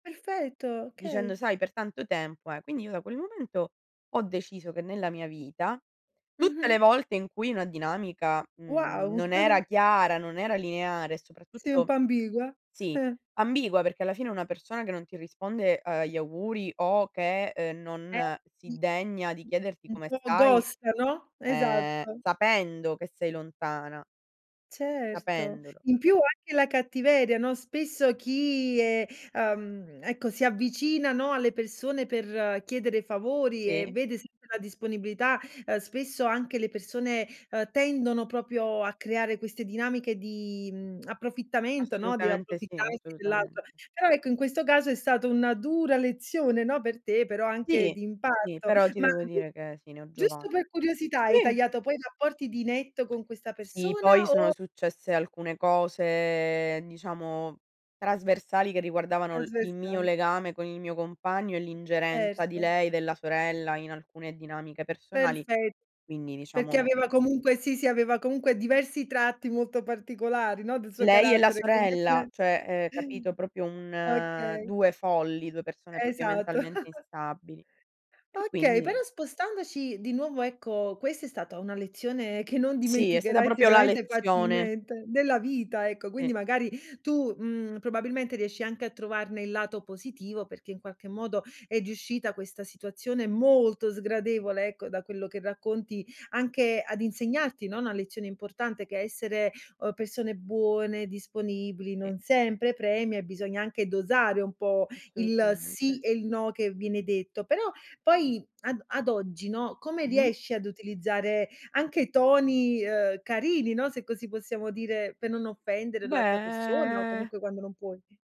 Perfetto, okay. Dicendo: "Sai per tanto tempo, eh" quindi io da quel momento ho deciso che nella mia vita tutte le Mh-mh. volte in cui una dinamica, mhmm, Wow. non era chiara, non era lineare e Si un soprattutto po' ambigua. sì, ambigua perché alla fine una persona che non ti risponde agli auguri o che, uhm, Eh, non si sì degna di [unintelligible] chiederti Un come po' stai, ghosta, no, ehm, esatto. sapendo che sei lontana Certo, sapendolo. in più anche la cattiveria, no, spesso chi è ehm, ecco, si avvicina, no, alle persone per chiedere favori e Sì. vede sempre la disponibilità, ehm, spesso anche le persone, ehm, tendono proprio a creare queste dinamiche di, mhmm, approfittamento, no, di Assolutamente sì, approfittarsi dell'altro. assolutamente. Però ecco, in questo caso è stata una dura lezione, no, per te, però anche Sì, di sì, impatto. però ti Ma devo [unintelligible] dire che, sì, ne ho giova giusto per curiosità hai sì. tagliato poi i rapporti di netto con questa Sì, poi persona sono o successe alcune cose, diciamo trasversali, che riguardavano il il mio Trasversali. legame con il mio compagno e l'ingerenza di Certo. lei, della sorella in alcune dinamiche personali. Perfe Quindi perché diciamo aveva comunque sì, sì, aveva comunque diversi tratti molto particolari, no, del suo Lei e la carattere sorella, [unintelligible] cioè, ehm, capito? Proprio un Okay. 2 folli, 2 persone proprio Esatto. mentalmente instabili. E Okay, però quindi spostandoci di nuovo, ecco, questa è stata una lezione che non Sì, è stata dimenticherai proprio la sicuramente lezione. facilmente, nella vita, ecco Sì. quindi magari tu, mhmm, probabilmente riesci anche a trovarne il lato positivo perché, in qualche modo, è riuscita questa situazione molto sgradevole, ecco, da quello che racconti, anche ad insegnarti, no, una lezione importante: che essere, uhm, persone buone, disponibili, Sì. non sempre premia e bisogna anche dosare un po' il Assolutamente. sì e il no che viene detto, però poi ad o ad oggi, no, come Mh-mh. riesci ad utilizzare anche toni, uhm, carini, no, se così possiamo dire, per non offendere l'altra persona o Beh comunque quando non puoi?